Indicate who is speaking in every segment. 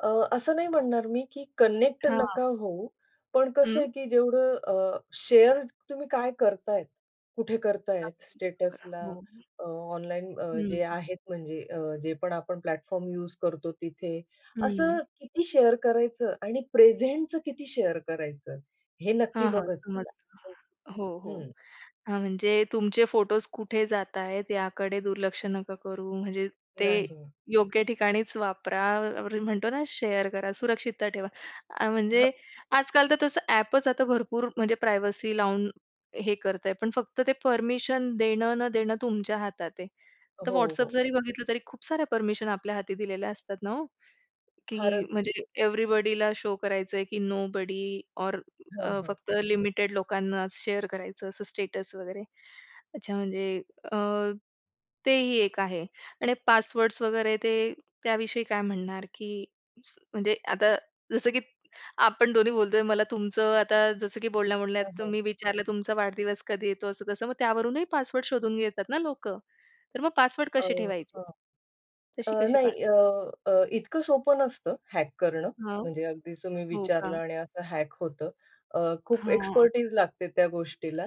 Speaker 1: अ, असं नाही म्हणणार मी की कनेक्ट
Speaker 2: हां.
Speaker 1: नका होऊ, पण कसं
Speaker 2: हं.
Speaker 1: आहे की जेवढं अ, शेअर तुम्ही काय करताय, कुठे करताय,
Speaker 2: अगदी खरं.
Speaker 1: स्टेटसला
Speaker 2: हो.
Speaker 1: अ, ऑनलाईन अ, जे
Speaker 2: हं.
Speaker 1: आहेत म्हणजे अ, जे पण आपण प्लॅटफॉर्म यूज करतो तिथे.
Speaker 2: हं.
Speaker 1: असं किती शेअर करायचं आणि प्रेझेंटचं किती शेअर करायचं हे नक्की
Speaker 2: हां, हां.
Speaker 1: बघत जावा. हो.
Speaker 2: समजतं. हो, हो.
Speaker 1: हं.
Speaker 2: हां, म्हणजे तुमचे फोटोज कुठे जाताहेत याकडे दुर्लक्ष नका करू. म्हणजे ते
Speaker 1: नाही.
Speaker 2: योग्य ठिकाणीच वापरा, आपण म्हणतो ना शेअर करा, सुरक्षितता ठेवा. अ,
Speaker 1: हं
Speaker 2: म्हणजे आजकाल तर तसं ॲपच आता भरपूर म्हणजे प्रायव्हसी लावून हे करतय, पण फक्त ते परमिशन देणं न देणं तुमच्या हातात आहे. आता
Speaker 1: हो,
Speaker 2: WhatsApp
Speaker 1: हो.
Speaker 2: जरी बघितलं तरी खूप साऱ्या परमिशन आपल्या हाती दिलेल्या असतात ना हो? की
Speaker 1: फारच.
Speaker 2: म्हणजे एव्हरीबडीला शो करायचंय की नोबडी ऑर
Speaker 1: हां,
Speaker 2: अ,
Speaker 1: हां.
Speaker 2: फक्त लिमिटेड लोकांनाच शेअर करायचं असं स्टेटस वगैरे. अच्छा. म्हणजे अ, तेही एक आहे. आणि पासवर्ड्स वगैरे ते त्याविषयी काय म्हणणार? की स म्हणजे आता जसं की आपण दोन्ही बोलतोय. मला तुमचं आता जसं की बोलण्या-बोलण्यात
Speaker 1: हां, हां.
Speaker 2: तुम्ही विचारलं तुमचा वाढदिवस कधी येतो, असं तसं, मग त्यावरूनही पासवर्ड शोधून घेतात ना लोकं? तर मग पासवर्ड
Speaker 1: अ,
Speaker 2: कसे ठेवायचे?
Speaker 1: हां.
Speaker 2: तशी
Speaker 1: अ,
Speaker 2: कशी
Speaker 1: नाही
Speaker 2: पार
Speaker 1: अ, अ, इतकं सोपं नसतं हॅक करणं
Speaker 2: हां.
Speaker 1: म्हणजे अगदी तुम्ही
Speaker 2: हो
Speaker 1: विचारलं
Speaker 2: का.
Speaker 1: आणि असं हॅक होतं. अ, खूप
Speaker 2: हां.
Speaker 1: एक्सपेर्टीज लागते त्या गोष्टीला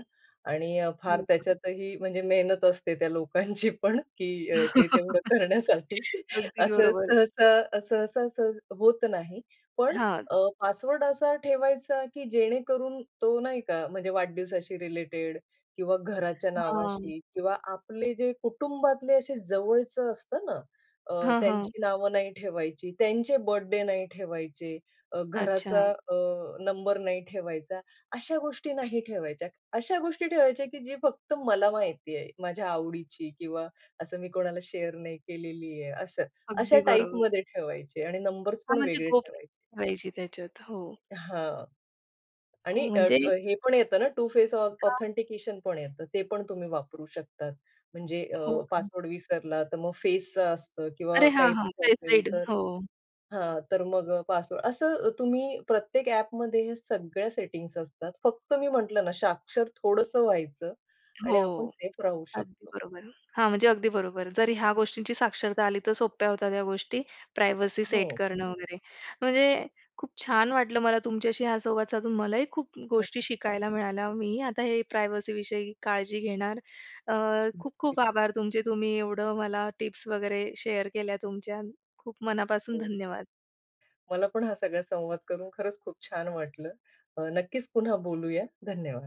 Speaker 1: आणि अ, फार
Speaker 2: हो का.
Speaker 1: त्याच्यातही म्हणजे मेहनत असते त्या लोकांची पण की अ, ते तेवढं करण्यासाठी.
Speaker 2: अगदी
Speaker 1: असं
Speaker 2: बरोबर.
Speaker 1: सहसा सहसा सहज होत नाही. पण
Speaker 2: हां.
Speaker 1: अ, पासवर्ड असा ठेवायचा, की जेणेकरून तो, नाही का, म्हणजे वाढदिवसाशी रिलेटेड किंवा घराच्या
Speaker 2: हां.
Speaker 1: नावाशी किंवा आपले जे कुटुंबातले असे जवळचं असतं ना अ,
Speaker 2: हां, हां.
Speaker 1: त्यांची नावं नाही ठेवायची. त्यांचे बर्थडे नाही ठेवायचे. अ, घराचा
Speaker 2: अच्छा.
Speaker 1: अ, नंबर नाही ठेवायचा, अशा गोष्टी नाही ठेवायच्या. अशा गोष्टी ठेवायच्या की जी फक्त मला माहिती आहे. माझ्या आवडीची किंवा असं मी कोणाला शेअर नाही केलेली आहे असं. अशा
Speaker 2: अगदी बरोबर.
Speaker 1: टाइपमध्ये ठेवायचे आणि नंबर्सपण
Speaker 2: हां. म्हणजे
Speaker 1: वेगळे
Speaker 2: गोप
Speaker 1: ठेवायचे.
Speaker 2: पाहिजे त्याच्यात. हो.
Speaker 1: हां. आणि
Speaker 2: हो
Speaker 1: अ,
Speaker 2: म्हणजे
Speaker 1: अ, हे पण येतं ना टू फेस ऑ
Speaker 2: का?
Speaker 1: ऑथेंटिकेशन पण येतं. ते पण तुम्ही वापरू शकतात. म्हणजे अ,
Speaker 2: हो का.
Speaker 1: पासवर्ड विसरला तर मग फेसचं असतं किंवा
Speaker 2: अरे हां,
Speaker 1: काही
Speaker 2: हां.
Speaker 1: [unintelligible] असेल
Speaker 2: फेसरीड,
Speaker 1: तर
Speaker 2: हो.
Speaker 1: हां, तर मग अ, पासवर्ड असं अ, तुम्ही प्रत्येक ॲपमध्ये ह्या सगळ्या सेटिंग्ज असतात. फक्त मी म्हटलं ना साक्षर थोडंसं व्हायचं आणि आपण
Speaker 2: हो.
Speaker 1: सेफ राहू
Speaker 2: अगदी
Speaker 1: शकतो.
Speaker 2: बरोबर आहे. हां, म्हणजे अगदी बरोबर. जर ह्या गोष्टींची साक्षरता आली तर सोप्या होत्या त्या गोष्टी प्रायव्हसी सेट
Speaker 1: हो.
Speaker 2: करणं वगैरे. म्हणजे खूप छान वाटलं मला तुमच्याशी हा संवाद साधून. मलाही खूप गोष्टी शिकायला मिळाल्या. मीही आता हे प्रायव्हसी विषयी काळजी घेणार. अ, खूप-खूप
Speaker 1: नक्कीच.
Speaker 2: आभार तुमचे. तुम्ही एवढं मला टिप्स वगैरे शेअर केल्या तुमच्या. खूप मनापासून
Speaker 1: हो, हो.
Speaker 2: धन्यवाद.
Speaker 1: मला पण हा सगळा संवाद करून खरंच खूप छान वाटलं. अ, नक्कीच पुन्हा बोलूया. धन्यवाद.